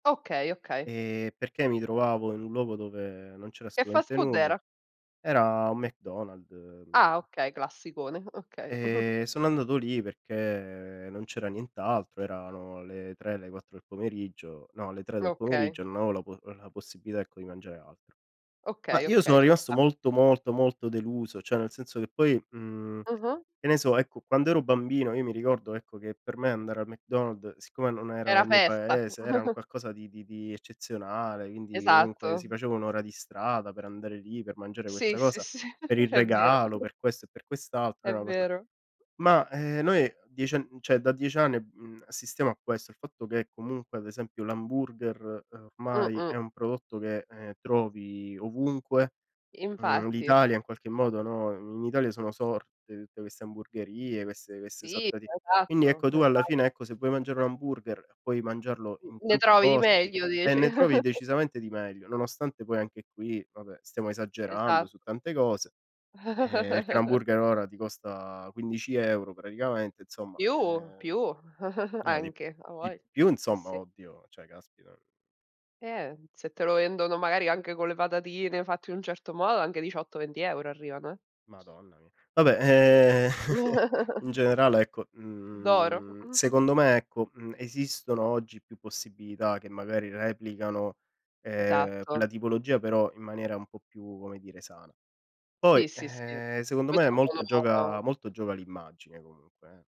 Okay, okay. Ehm, perché mi trovavo in un luogo dove non c'era Che fast assolutamente food nulla. era? Era un McDonald, Ah, mhmm okay classicone, okay. Ehm, sono andato lì perché, ehm, non c'era nient'altro, erano le 3 le 4 del pomeriggio, no le 3 del Okay. pomeriggio non avevo la po la possibilità ecco di mangiare altro. Ma Okay, io sono okay ci rimasto sta. molto, molto, molto deluso, cioè nel senso che poi, mhmm, Mh-mh. che ne so ecco quando ero bambino io mi ricordo ecco, che per me andare al McDonald, siccome non ero Era nel mio festa. paese, era un qualcosa di di di eccezionale, quindi comunque Esatto. si faceva 1 ora di strada per andare lì, per mangiare Sì, questa sì, cosa, sì, per il è vero. regalo, per questo e per quest'altro, È era una cosa vero. ma, ehm, noi 10 ann n cioè da 10 anni, uhm, assistiamo a questo, il fatto che comunque ad esempio l'hamburger, ehm, ormai Mh-mh. è un prodotto che, ehm, trovi ovunque, mhmm, Infatti. l'Italia in qualche modo, no, in Italia sono sorte tutte queste hamburgherie, queste queste Sì, sorta di quindi esatto ecco tu alla esa fine ecco, se vuoi mangiare un hamburger puoi mangiarlo N in ne tanti trovi di posti meglio, e dici. ne trovi decisamente di meglio, nonostante poi anche qui vabbè stiamo esagerando Esat su tante cose, ehm, perché l'hamburger ora ti costa 15 € praticamente insomma, Più, ehm più no di anche di avoglia, più sì insomma, sì. oddio, cioè caspita. Eh se te lo vendono magari anche con le patatine fatte in un certo modo anche 18-20 € arrivano eh. Madonna mia. Vabbè ,ehm, in generale ecco, D'oro. mhmm, secondo me ecco, mhmm, esistono oggi più possibilità che magari replicano, ehm, Esatto. quella tipologia però in maniera un po' più come dire sana. Poi, Sì, sì, sì ehm, secondo poi me molto gioca sono molto gioca l'immagine comunque eh.